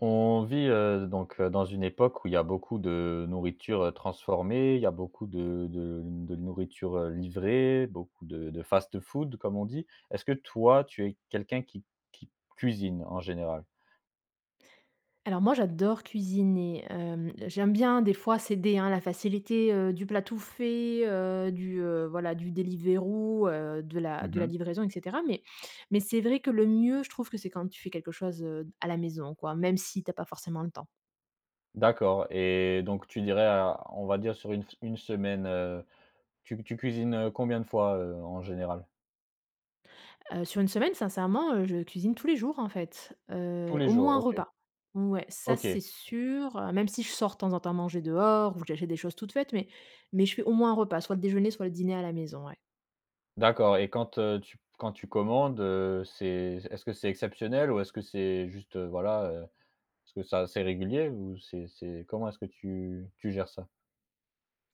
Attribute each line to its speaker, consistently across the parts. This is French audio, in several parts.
Speaker 1: On vit, heu, donc, heu, dans une époque où il y a beaucoup de nourriture, heu, transformée, il y a beaucoup de de de nourriture, heu, livrée, beaucoup de de fast-food comme on dit. Est-ce que toi tu es quelqu'un qui qui cuisine en général?
Speaker 2: Alors moi j'adore cuisiner. Hem, j'aime bien des fois céder à la facilité, heu, du plat tout fait, heu, du, heu, voilà du Deliveroo, heu, de la
Speaker 1: Mmh
Speaker 2: de la
Speaker 1: mh.
Speaker 2: livraison et cetera, mais mais c'est vrai que le mieux, je trouve que c'est quand tu fais quelque chose, heu, à la maison quoi, même si tu as pas forcément le temps.
Speaker 1: D'accord et donc tu dirais, heu, on va dire sur 1 fe 1 semaine, heu, tu c tu cuisines, heu, combien de fois, heu, en général?
Speaker 2: Heu, sur 1 semaine, sincèrement, heu, je cuisine tous les jours, en fait,
Speaker 1: Tous
Speaker 2: heu,
Speaker 1: les
Speaker 2: au
Speaker 1: jours,
Speaker 2: moins 1
Speaker 1: OK.
Speaker 2: repas. Ouais, ça
Speaker 1: OK.
Speaker 2: c'est sûr, heu. Même si je sors de temps en temps manger dehors ou que j'achète des choses toutes faites, mais mais je fais au moins 1 repas soit le déjeuner, soit le dîner à la maison, ouais.
Speaker 1: D'accord et quand, heu, tu p quand tu commandes, heu, c'est est-ce que c'est exceptionnel ou est-ce que c'est juste, voilà, heu? Est-ce que ça c'est régulier ou c'est c'est comment est-ce que tu tu gères ça?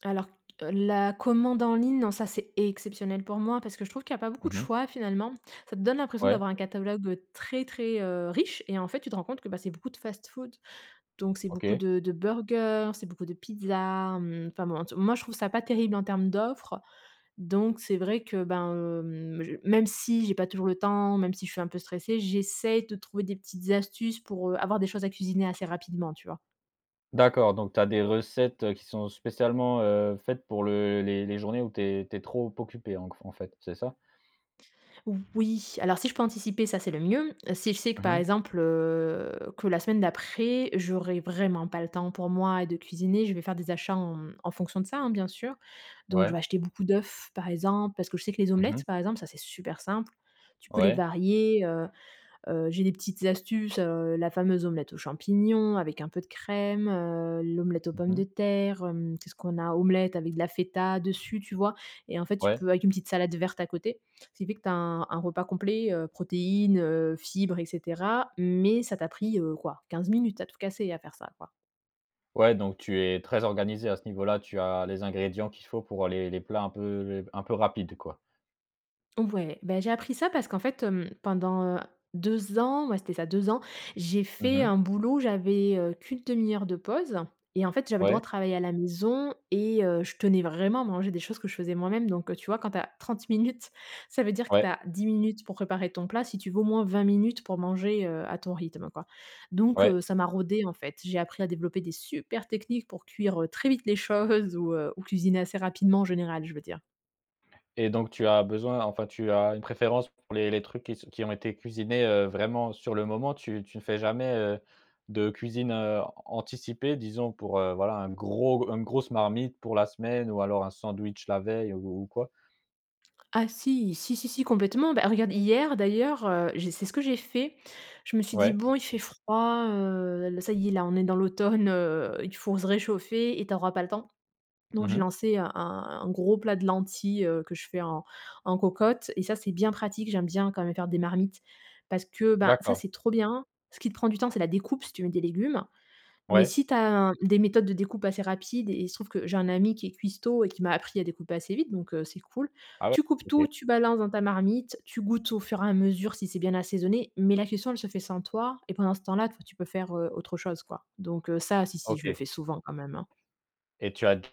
Speaker 2: Alors, heu, la commande en ligne, non, ça, c'est exceptionnel pour moi parce que je trouve qu'il y a pas beaucoup
Speaker 1: Mmh
Speaker 2: de
Speaker 1: mh.
Speaker 2: choix, finalement. Ça te donne l'impression
Speaker 1: Ouais.
Speaker 2: d'avoir un catalogue très, très, heu, riche et en fait, tu te rends compte que bah, c'est beaucoup de fast-food. Donc c'est beaucoup
Speaker 1: OK.
Speaker 2: de de burgers, c'est beaucoup de pizzas, mmh. Enfin bon, en tout moi, je trouve ça pas terrible en termes d'offres. Donc c'est vrai que ben, hem, j même si j'ai pas toujours le temps, même si je suis un peu stressée, j'essaye de trouver des petites astuces pour, heu, avoir des choses à cuisiner assez rapidement, tu vois?
Speaker 1: D'accord. Donc tu as des recettes qui sont spécialement, heu, faites pour le les les journées où tu es tu es trop occupée en q en fait, c'est ça?
Speaker 2: Oui, alors si je peux anticiper, ça, c'est le mieux. Si je sais que,
Speaker 1: Mmh
Speaker 2: par
Speaker 1: mh.
Speaker 2: exemple, heu, que la semaine d'après, j'aurai vraiment pas le temps pour moi de cuisiner, je vais faire des achats en mmh, en fonction de ça, hein, bien sûr. Donc, je
Speaker 1: Ouais.
Speaker 2: vais acheter beaucoup d'œufs par exemple, parce que je sais que les
Speaker 1: Mmh mh.
Speaker 2: omelettes par exemple, ça, c'est super simple. Tu peux les
Speaker 1: Ouais.
Speaker 2: varier, heu. Heu, j'ai des petites astuces, heu, la fameuse omelette aux champignons avec un peu de crème, heu, l'omelette aux pommes
Speaker 1: Mmh
Speaker 2: de
Speaker 1: mh.
Speaker 2: terre, hem. Qu'est-ce qu'on a? Omelette avec de la feta, dessus, tu vois? Et en fait, tu
Speaker 1: Ouais.
Speaker 2: peux avec une petite salade verte à côté. Ce qui fait que tu as un un repas complet, heu, protéines, heu, fibres et cetera. Mais, ça t'a pris, heu, quoi? 15 minutes, à tout casser, à faire ça quoi.
Speaker 1: Ouais, donc tu es très organisée à ce niveau-là. Tu as les ingrédients qu'il faut pour les les plats un peu un peu rapides quoi.
Speaker 2: Ouais. Bah, j'ai appris ça parce qu'en fait, hem, pendant, heu, 2 ans, ouais, c'était ça 2 ans, j'ai
Speaker 1: Mmh
Speaker 2: fait
Speaker 1: mh.
Speaker 2: un boulot, j'avais, heu, qu'une 1/2 heure de pause et en fait, j'avais le droit
Speaker 1: Ouais.
Speaker 2: de travailler à la maison et heu, je tenais vraiment à manger des choses que je faisais moi-même donc, heu, tu vois? Quand tu as 30 minutes, ça veut dire que tu
Speaker 1: Ouais.
Speaker 2: as 10 minutes pour préparer ton plat si tu veux au moins 20 minutes pour manger, heu, à ton rythme, quoi, donc,
Speaker 1: Ouais.
Speaker 2: heu, ça m'a rodée, en fait. J'ai appris à développer des supers techniques pour cuire, heu, très vite les choses ou, heu, ou cuisiner assez rapidement, en général, je veux dire.
Speaker 1: Et donc tu as besoin enfin, tu as une préférence pour les les trucs qui s qui ont été cuisinés, heu, vraiment sur le moment tu tu ne fais jamais, heu, de cuisine, heu, an anticipée, disons pour, heu, voilà, un gros une grosse marmite pour la semaine ou alors un sandwich la veille ou ou ou quoi?
Speaker 2: Ah si, si, si, si complètement. Bah, regarde, hier d'ailleurs, heu, j'ai c'est ce que j'ai fait. Je me suis dit:
Speaker 1: Ouais.
Speaker 2: «Bon, il fait froid, heu, l ça y est, là, on est dans l'automne, heu, il faut se réchauffer et tu auras pas le temps»
Speaker 1: Mmh
Speaker 2: donc j'ai
Speaker 1: mh.
Speaker 2: lancé un un un gros plat de lentilles, heu, que je fais en en cocotte et ça c'est bien pratique, j'aime bien quand même faire des marmites parce que, ben, ça,
Speaker 1: D'accord.
Speaker 2: c'est trop bien. Ce qui te prend du temps, c'est la découpe si tu mets des légumes mais
Speaker 1: Ouais.
Speaker 2: si tu as un des méthodes de découpe assez rapides et il se trouve que j'ai un ami qui est cuistot et qui m'a appris à découper assez vite donc, heu, c'est cool.
Speaker 1: Ah ouais?
Speaker 2: Tu coupes
Speaker 1: OK.
Speaker 2: tout, tu balances dans ta marmite, tu goûtes au fur et à mesure si c'est bien assaisonné mais la cuisson elle se fait sans toi et pendant ce temps-là toi tu peux faire, heu, autre chose, quoi, donc heu, ça, si si je le
Speaker 1: OK.
Speaker 2: fais souvent quand même, hein.
Speaker 1: Et tu as déjà,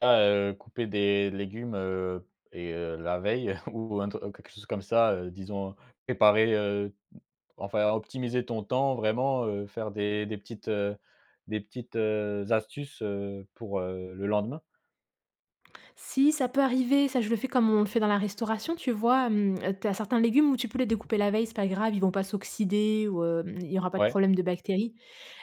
Speaker 1: heu, coupé des légumes, heu et heu, la veille ou un tru quelque chose comme ça, heu, disons, préparer, heu, m enfin, optimiser ton temps vraiment, heu, faire des des petites, heu, des petites, heu, astuces, heu, pour, heu, le lendemain?
Speaker 2: Si ça peut arriver, ça je le fais comme on le fait dans la restauration. Tu vois, hem, tu as certains légumes où tu peux les découper la veille, c'est pas grave, ils vont pas s'oxyder ou, hem, il y aura pas de
Speaker 1: Ouais.
Speaker 2: problème de bactéries.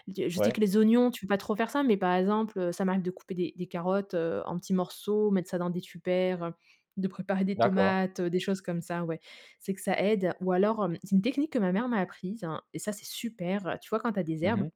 Speaker 2: Du je sais
Speaker 1: Ouais.
Speaker 2: que les oignons, tu peux pas trop faire ça, mais par exemple, heu, ça m'arrive de couper des des carottes, heu, en petits morceaux, mettre ça dans des tupperwares, heu, de préparer des
Speaker 1: D'accord.
Speaker 2: tomates, heu, des choses comme ça, ouais. C'est que ça aide ou alors, hem, c'est une technique que ma mère m'a apprise et ça c'est super! Tu vois quand tu as des
Speaker 1: Mmh
Speaker 2: herbes,
Speaker 1: mh.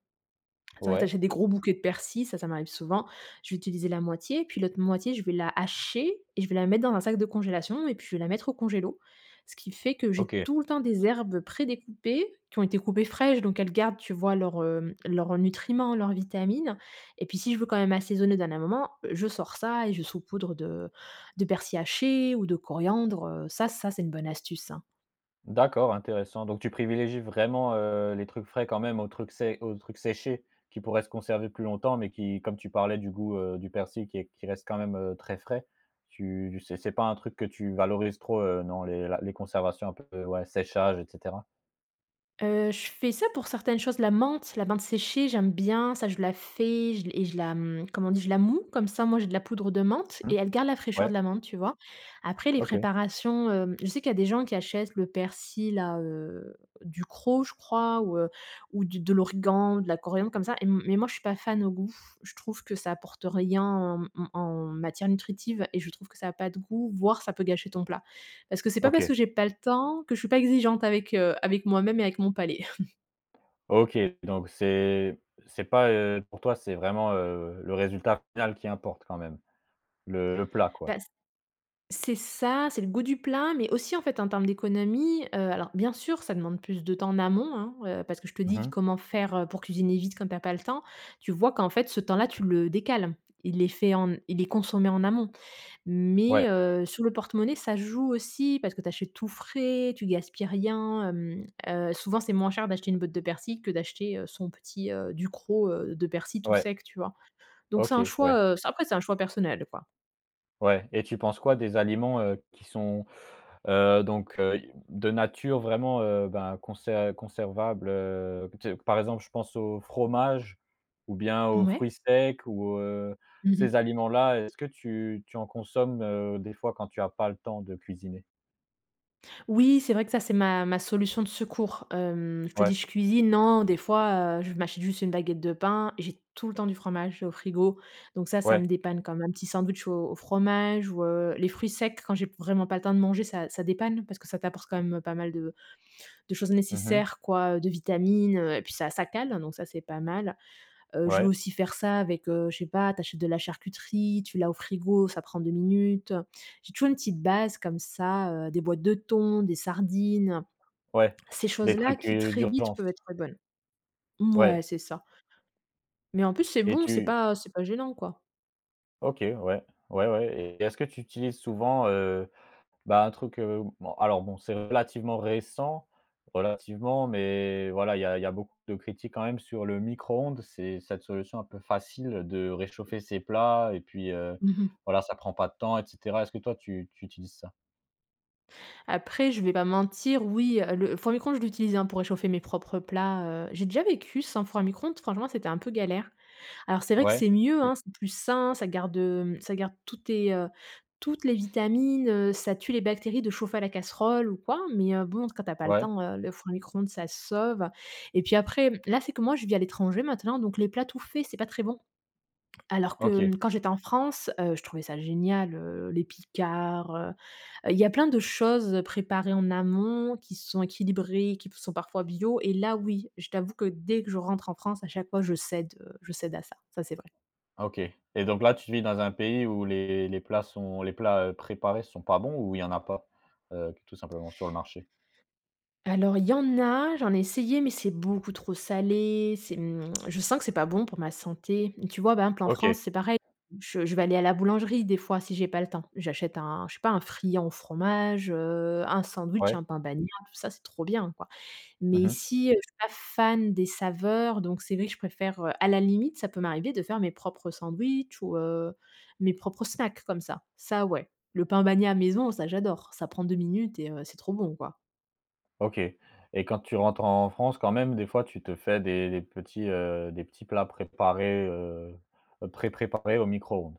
Speaker 2: ça va tu
Speaker 1: Ouais.
Speaker 2: achètes des gros bouquets de persil, ça ça m'arrive souvent. Je vais utiliser la moitié et puis l'autre moitié je vais la hacher et je vais la mettre dans un sac de congélation et puis je vais la mettre au congélateur. Ce qui fait que j'ai
Speaker 1: OK.
Speaker 2: tout le temps des herbes prédécoupées, qui ont été coupées fraîches donc elles gardent, tu vois leurs, hem, leurs nutriments, leurs vitamines et puis, si je veux quand même assaisonner au dernier moment, je sors ça et je saupoudre de de persil haché ou de coriandre. Heu, ça, ça, c'est une bonne astuce, hein!
Speaker 1: D'accord, intéressant, donc tu privilégies vraiment, heu, les trucs frais quand même aux trucs sé aux trucs séchés qui pourraient se conserver plus longtemps mais qui comme tu parlais du goût, heu, du persil qui qui reste quand même, heu, très frais. Tu c'est c'est pas un truc que tu valorises trop, heu, non? Les la les conservations un peu ouais, séchage et cetera.
Speaker 2: Heu, je fais ça pour certaines choses, la menthe, la menthe séchée, j'aime bien, ça. Je la fais je et je la, mmh comme on dit, je la mouds, comme ça au moins j'ai de la poudre de menthe
Speaker 1: Mmh mh.
Speaker 2: et elle garde la fraîcheur
Speaker 1: Ouais.
Speaker 2: de la menthe, tu vois? Après, les
Speaker 1: OK.
Speaker 2: préparations, hem, je sais qu'il y a des gens qui achètent le persil là, heu, Ducros, je crois, ou, heu, ou du de l'origan, de la coriandre comme ça et m mais moi, je suis pas fan au goût. Je trouve que ça apporte rien en m mmh en matière nutritive et je trouve que ça a pas de goût, voire ça peut gâcher ton plat. Parce que c'est pas parce
Speaker 1: OK.
Speaker 2: que j'ai pas le temps, que je suis pas exigeante avec, heu, avec avec moi-même et avec mon palais.
Speaker 1: OK, donc c'est c'est pas, heu, pour toi c'est vraiment, heu, le résultat final qui importe quand même, le le plat quoi?
Speaker 2: Bah c c'est ça, c'est le goût du plat, mais aussi en fait, en termes d'économie. Heu, alors, bien sûr, ça demande plus de temps en amont, hein, heu, parce que je te
Speaker 1: Mmh
Speaker 2: dis
Speaker 1: mh.
Speaker 2: comment faire, heu, pour cuisiner vite quand tu as pas le temps. Tu vois qu'en fait ce temps-là, tu le décales. Il est fait en m il est consommé en amont. Mais,
Speaker 1: Ouais.
Speaker 2: heu, sur le porte-monnaie, ça joue aussi parce que tu achètes tout frais, tu gaspilles rien, hem. Heu, souvent c'est moins cher d'acheter une botte de persil, que d'acheter, heu, son petit, heu, Ducros, heu, de persil tout
Speaker 1: Ouais.
Speaker 2: sec, tu vois? Donc c'est un
Speaker 1: OK, ouais.
Speaker 2: choix, heu, ça après c'est un choix personnel quoi.
Speaker 1: Ouais et tu penses quoi des aliments, heu, qui sont, heu, donc heu, i de nature vraiment, heu, ben conser conservable, heu, tu sais, par exemple, je pense au fromage ou bien aux fruits
Speaker 2: Mouais.
Speaker 1: secs ou heu,
Speaker 2: Mmh
Speaker 1: ces
Speaker 2: mh.
Speaker 1: aliments-là est-ce que tu tu en consommes, heu, des fois quand tu as pas le temps de cuisiner?
Speaker 2: Oui, c'est vrai que ça, c'est ma ma solution de secours. Hem, je te dis,
Speaker 1: Ouais.
Speaker 2: je cuisine non, des fois, heu, je m'achète juste une baguette de pain et j'ai tout le temps du fromage au frigo, donc ça, ça me
Speaker 1: Ouais.
Speaker 2: dépanne, comme un petit sandwich au au fromage ou heu, les fruits secs quand j'ai vraiment pas le temps de manger, ça, ça dépanne parce que ça t'apporte quand même, heu, pas mal de de choses
Speaker 1: Mmh mh.
Speaker 2: nécessaires, quoi, heu, de vitamines, heu, et puis ça, ça cale, hein, donc ça, c'est pas mal. Heu, je vais
Speaker 1: Ouais.
Speaker 2: aussi faire ça avec, heu, je sais pas, tu achètes de la charcuterie, tu l'as au frigo, ça prend 2 minutes. J'ai toujours une petite base comme ça, heu, des boîtes de thon, des sardines.
Speaker 1: Ouais,
Speaker 2: Ces
Speaker 1: des
Speaker 2: choses-là
Speaker 1: trucs,
Speaker 2: qui,
Speaker 1: heu,
Speaker 2: très vite,
Speaker 1: d'urgence.
Speaker 2: peuvent être bonnes mouais,
Speaker 1: Ouais.
Speaker 2: c'est ça mais en plus, c'est
Speaker 1: Et
Speaker 2: bon, c'est
Speaker 1: tu
Speaker 2: pas c'est pas gênant, quoi.
Speaker 1: OK, ouais, ouais, ouais, et est-ce que tu utilises souvent, heu, bah un truc, heu bon alors, bon, c'est relativement récent, relativement, mais voilà il y a il y a beaucoup de critiques quand même sur le micro-ondes, c'est cette solution un petit peu facile de réchauffer ses plats et puis, heu,
Speaker 2: Mmh mh.
Speaker 1: voilà ça prends pas de temps, et cetera. Est-ce que toi, tu tu utilises ça?
Speaker 2: Après, je vais pas mentir, oui, heu, le four à micro-ondes, je l'utilise, hein, pour réchauffer mes propres plats, heu, j'ai déjà vécu sans four à micro-ondes. Franchement, c'était un peu galère. Alors, c'est vrai que
Speaker 1: Ouais.
Speaker 2: c'est mieux,
Speaker 1: Tu
Speaker 2: hein, c'est plus sain. Ça garde, hem, ça garde toutes tes, heu, toutes les vitamines, heu, ça tue les bactéries de chauffer à la casserole ou quoi, mais heu, bon, quand tu as pas le
Speaker 1: Ouais.
Speaker 2: temps, heu, le four à micro-ondes, ça sauve, et puis après, là, c'est que, moi, je vis à l'étranger maintenant, donc les plats tout faits, c'est pas très bon. Alors que,
Speaker 1: OK.
Speaker 2: mmh, quand j'étais en France, heu, je trouvais ça génial, heu, les Picard, heu heu, il y a plein de choses préparées en amont qui sont équilibrées, qui p sont parfois bio, et là, oui, je t'avoue que dès que je rentre en France, à chaque fois, je cède, heu, je cède à ça, ça, c'est vrai.
Speaker 1: OK, et donc là, tu vis dans un pays où les les plats sont les plats, heu, préparés sont pas bons, ou il y en a pas, heu, tout simplement, sur le marché?
Speaker 2: Alors, il y en a, j'en ai essayé, mais c'est beaucoup trop salé. C'est, mmh, je sens que c'est pas bon pour ma santé. Tu vois? Par exemple en
Speaker 1: OK.
Speaker 2: France, c'est pareil, je je vais aller à la boulangerie, des fois, si j'ai pas le temps, j'achète un, je sais pas, un friand au fromage, heu, un sandwich,
Speaker 1: Ouais.
Speaker 2: un pain bagnat, tout ça, c'est trop bien, quoi, mais
Speaker 1: Mmh mh.
Speaker 2: ici, je suis pas fan des saveurs, donc c'est vrai que je préfère, heu, à la limite, ça peut m'arriver de faire mes propres sandwichs ou heu, mes propres snacks comme ça, ça ouais. Le pain bagnat maison, ça, j'adore, ça prend 2 minutes et heu, c'est trop bon, quoi.
Speaker 1: OK et quand tu rentres en France, quand même, des fois, tu te fais des des petits, heu, des petits, heu, des petits plats préparés, heu heu, pré préparés au micro-ondes?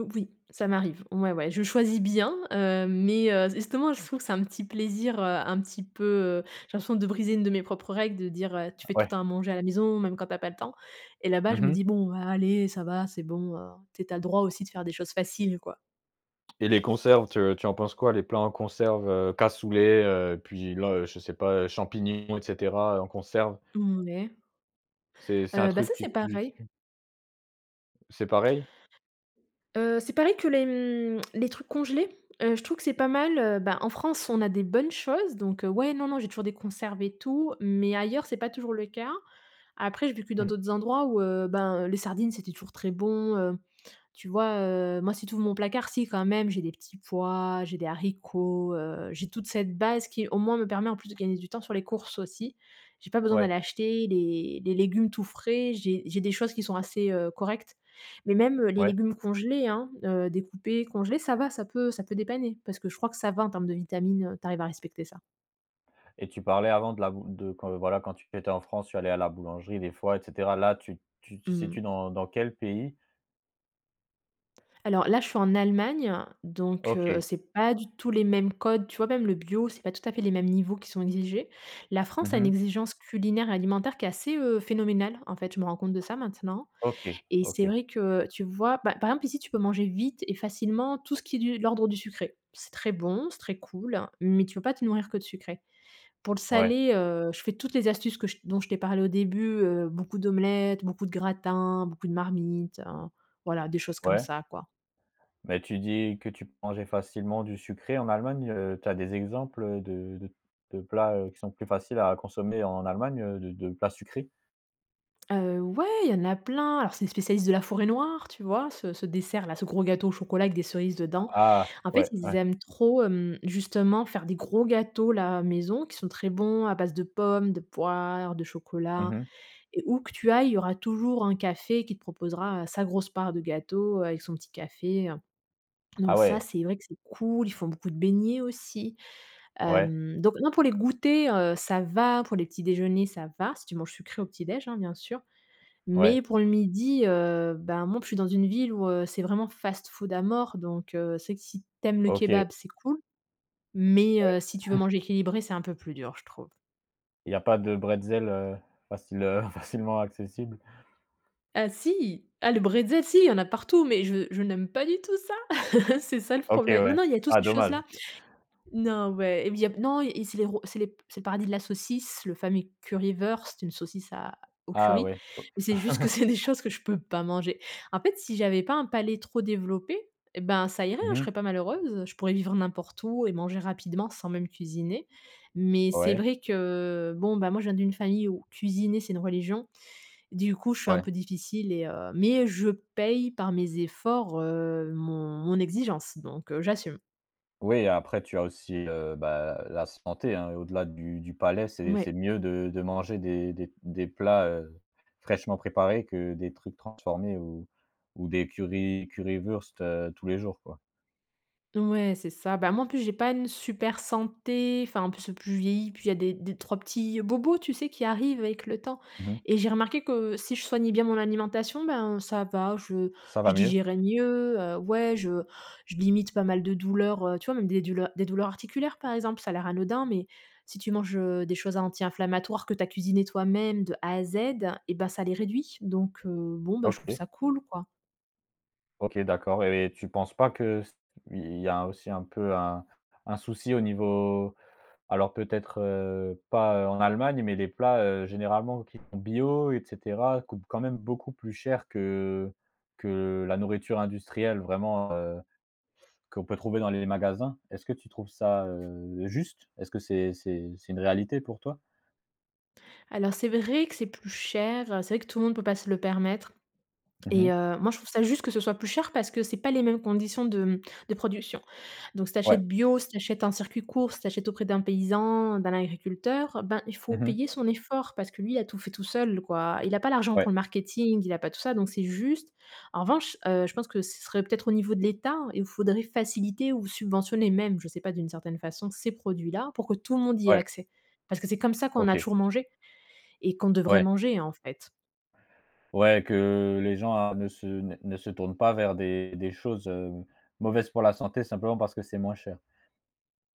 Speaker 2: Heu, oui, ça m'arrive, ouais, ouais. Je choisis bien, heu, mais, heu, justement je trouve que c'est un petit plaisir, heu, un petit peu, heu, j'ai l'impression de briser une de mes propres règles de dire, heu: «Tu
Speaker 1: Ah
Speaker 2: fais tout le
Speaker 1: ouais!
Speaker 2: temps à manger à la maison même quand tu as pas le temps» et là-bas
Speaker 1: Mmh
Speaker 2: je me
Speaker 1: mh.
Speaker 2: dis: «Bon allez, ça va, c'est bon, heu, tu es tu as le droit aussi de faire des choses faciles quoi».
Speaker 1: Et les conserves, te tu en penses quoi? Les plats en conserve, heu, cassoulet, heu, puis le je sais pas, heu, champignons et cetera, heu, en conserve?
Speaker 2: Mmh ouais.
Speaker 1: C'est c'est un
Speaker 2: Heu, bah,
Speaker 1: truc
Speaker 2: ça
Speaker 1: que
Speaker 2: c'est
Speaker 1: tu
Speaker 2: pareil.
Speaker 1: tu C'est pareil?
Speaker 2: Heu, c'est pareil que les, mmh, les trucs congelés, heu, je trouve que c'est pas mal, heu, bah, en France on a des bonnes choses donc, heu, ouais, non, non j'ai toujours des conserves et tout. Mais ailleurs c'est pas toujours le cas. Après j'ai vécu dans
Speaker 1: Mmh mh.
Speaker 2: d'autres endroits où, heu, ben, heu, les sardines c'était toujours très bon, heu. Tu vois, heu, moi si tu ouvres mon placard, si, quand même j'ai des petits pois, j'ai des haricots, heu, j'ai toute cette base qui au moins me permet en plus de gagner du temps sur les courses aussi. J'ai pas besoin
Speaker 1: Ouais.
Speaker 2: d'aller acheter les les légumes tout frais, j'ai j'ai des choses qui sont assez, heu, correctes mais même, heu, les
Speaker 1: Ouais.
Speaker 2: légumes congelés, hein, heu, découpés congelés, ça va ça peut ça peut dépanner, parce que je crois que ça va en termes de vitamines, heu, tu arrives à respecter ça.
Speaker 1: Et tu parlais avant de la bou de quand voilà quand tu tu étais en France tu allais à la boulangerie des fois et cetera, là tu tu te
Speaker 2: Mmm mh.
Speaker 1: situes dans dans quel pays?
Speaker 2: Alors là, je suis en Allemagne, donc heu,
Speaker 1: OK.
Speaker 2: c'est pas du tout les mêmes codes. Tu vois, même le bio, c'est pas tout à fait les mêmes niveaux qui sont exigés. La
Speaker 1: Mmh
Speaker 2: France a une
Speaker 1: mh.
Speaker 2: exigence culinaire et alimentaire qui est assez, heu, phénoménale. En fait, je me rends compte de ça maintenant
Speaker 1: OK,
Speaker 2: et c'est
Speaker 1: OK.
Speaker 2: vrai que tu vois, bah, par exemple ici, tu peux manger vite et facilement tout ce qui est du de l'ordre du sucré. C'est très bon, c'est très cool, mais tu peux pas te nourrir que de sucré. Pour le
Speaker 1: Ouais.
Speaker 2: salé, heu, je fais toutes les astuces que j dont je t'ai parlé au début, heu, beaucoup d'omelettes, beaucoup de gratins, beaucoup de marmites, heu, voilà des choses comme
Speaker 1: Ouais.
Speaker 2: ça, quoi.
Speaker 1: Mais, tu dis que tu peux manger facilement du sucré en Allemagne, heu, tu as des exemples, heu, de de de plats, heu, qui sont plus faciles à consommer en Allemagne, heu, de de plats sucrés?
Speaker 2: Heu, ouais, il y en a plein. Alors, c'est les spécialistes de la Forêt‑Noire. Tu vois? Ce ce dessert-là, ce gros gâteau au chocolat avec des cerises
Speaker 1: A
Speaker 2: dedans.
Speaker 1: ah!
Speaker 2: En fait,
Speaker 1: Ouais,
Speaker 2: ils
Speaker 1: ouais.
Speaker 2: aiment trop, hem, justement faire des gros gâteaux-là, maison qui sont très bons, à base de pommes, de poires, de
Speaker 1: Mmh
Speaker 2: chocolat
Speaker 1: mh.
Speaker 2: et où que tu ailles, il y aura toujours un café qui te proposera, heu, sa grosse part de gâteau avec son petit café, heu.
Speaker 1: Ah
Speaker 2: Donc ça,
Speaker 1: ouais!
Speaker 2: c'est vrai que c'est cool. Ils font beaucoup de beignets aussi.
Speaker 1: Ouais.
Speaker 2: Hem, donc non, pour les goûters, heu, ça va pour les petits déjeuners, ça va. Si tu manges sucré au petit déjeuner, hein, bien sûr. Mais
Speaker 1: Ouais.
Speaker 2: pour le midi, heu, bah, moi en plus je suis dans une ville où, heu, c'est vraiment fast food à mort. Donc heu, c'est vrai que si tu aimes le
Speaker 1: OK.
Speaker 2: kebab, c'est cool. Mais,
Speaker 1: Ouais.
Speaker 2: heu, si tu veux manger équilibré, c'est un peu plus dur, je trouve.
Speaker 1: Il y a pas de bretzel, heu, facile, heu, facilement accessible?
Speaker 2: Ah si! Ah, le bretzel si, il y en a partout, mais je je n'aime pas du tout ça! C'est ça le
Speaker 1: OK,
Speaker 2: problè non,
Speaker 1: ouais.
Speaker 2: non il y a tout
Speaker 1: Ah
Speaker 2: ces
Speaker 1: dommage!
Speaker 2: choses-là. Non ouais, il y a non et et c'est les ro c'est les c'est le paradis de la saucisse, le fameux Currywurst, c'est une saucisse à au
Speaker 1: Ah
Speaker 2: curry
Speaker 1: ouais. O
Speaker 2: et c'est juste que c'est des choses que je peux pas manger. En fait, si j'avais pas un palais trop développé et ben, ça irait,
Speaker 1: Mmh
Speaker 2: hein, je
Speaker 1: mh.
Speaker 2: serais pas malheureuse. Je pourrais vivre n'importe où et manger rapidement sans même cuisiner. Mais c'est
Speaker 1: Ouais.
Speaker 2: vrai que bon, bah, moi, je viens d'une famille où cuisiner, c'est une religion. Du coup, je suis un
Speaker 1: Ouais.
Speaker 2: peu difficile et heu, mais je paye par mes efforts, heu, mon mon exigence donc heu, j'assume.
Speaker 1: Oui, après tu as aussi, heu, bah, la santé, hein, au-delà du du palais, c'est
Speaker 2: Ouais.
Speaker 1: c'est mieux de de manger des des des plats, heu, fraîchement préparés que des trucs transformés ou ou des curry Currywurst, heu, tous les jours, quoi.
Speaker 2: Ouais, c'est ça. Ben moi, en plus, j'ai pas une super santé, enfin, en plus plus je vieillis, plus il y a des des 3 petits bobos, tu sais, qui arrivent avec le temps.
Speaker 1: Mmh mh.
Speaker 2: Et j'ai remarqué que si je soignais bien mon alimentation, ben, ça va, je
Speaker 1: Ça va
Speaker 2: je
Speaker 1: mieux?
Speaker 2: digérais mieux, heu ouais, je je limite pas mal de douleurs, heu, tu vois? Même des douleurs des douleurs articulaires, par exemple, ça a l'air anodin, mais si tu manges, heu, des choses anti-inflammatoires que tu as cuisinées toi-même de A à Z, et bah, ça les réduit. Donc heu, bon, bah, je trouve
Speaker 1: OK.
Speaker 2: ça cool, quoi.
Speaker 1: OK, d'accord et tu penses pas que ce il y a aussi un peu un un souci au niveau alors peut-être, heu, pas, heu, en Allemagne mais les plats, heu, généralement qui sont bio et cetera coûtent quand même beaucoup plus cher que que la nourriture industrielle vraiment, heu, qu'on peut trouver dans les magasins. Est-ce que tu trouves ça, heu, juste? Est-ce que c'est c'est c'est une réalité pour toi?
Speaker 2: Alors c'est vrai que c'est plus cher, heu, c'est vrai que tout le monde peut pas se le permettre
Speaker 1: Mmh
Speaker 2: et
Speaker 1: mh.
Speaker 2: heu, moi je trouve ça juste que ce soit plus cher parce que c'est pas les mêmes conditions de, mmh, de production. Donc si tu
Speaker 1: Ouais.
Speaker 2: achètes bio, si tu achètes en circuit court, si tu achètes auprès d'un paysan, d'un agriculteur, ben, il faut
Speaker 1: Mmh mh.
Speaker 2: payer son effort parce que lui a tout fait tout seul, quoi. Il a pas l'argent
Speaker 1: Ouais.
Speaker 2: pour le marketing, il a pas tout ça, donc c'est juste. En revanche, heu, je pense que ce serait peut-être au niveau de l'État et où faudrait faciliter ou subventionner même, je sais pas d'une certaine façon, ces produits là pour que tout le monde y ait
Speaker 1: Ouais.
Speaker 2: accès. Parce que c'est comme ça qu'on a
Speaker 1: OK.
Speaker 2: toujours mangé et qu'on devrait
Speaker 1: Ouais.
Speaker 2: manger, en fait.
Speaker 1: Ouais que les gens a ne se ne ne se tournent pas vers des des choses, heu, mauvaises pour la santé simplement parce que c'est moins cher?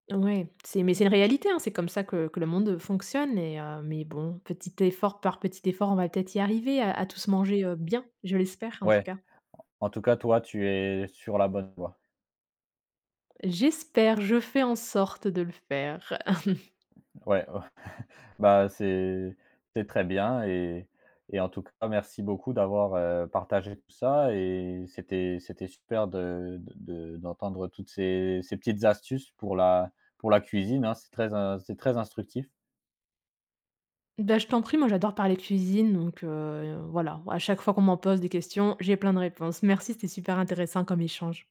Speaker 2: Ouais c'est mais c'est une réalité hein, c'est comme ça que que le monde fonctionne et heu, mais bon, petit effort par petit effort, on va peut-être y arriver à à tous manger, heu, bien, je l'espère en tout
Speaker 1: Ouais,
Speaker 2: cas.
Speaker 1: en en tout cas toi, tu es sur la bonne voie.
Speaker 2: J'espère, je fais en sorte de le faire!
Speaker 1: Ouais, ouais bah, c'est c'est très bien et et en tout cas merci beaucoup d'avoir, heu, partagé tout ça et c'était c'était super de de de d'entendre toutes ces ces petites astuces pour la pour la cuisine, hein, c'est très in c'est très instructif.
Speaker 2: Bah je t'en prie. Moi j'adore parler cuisine donc heu, voilà à chaque fois qu'on m'en pose des questions, j'ai plein de réponses. Merci, c'était super intéressant comme échange.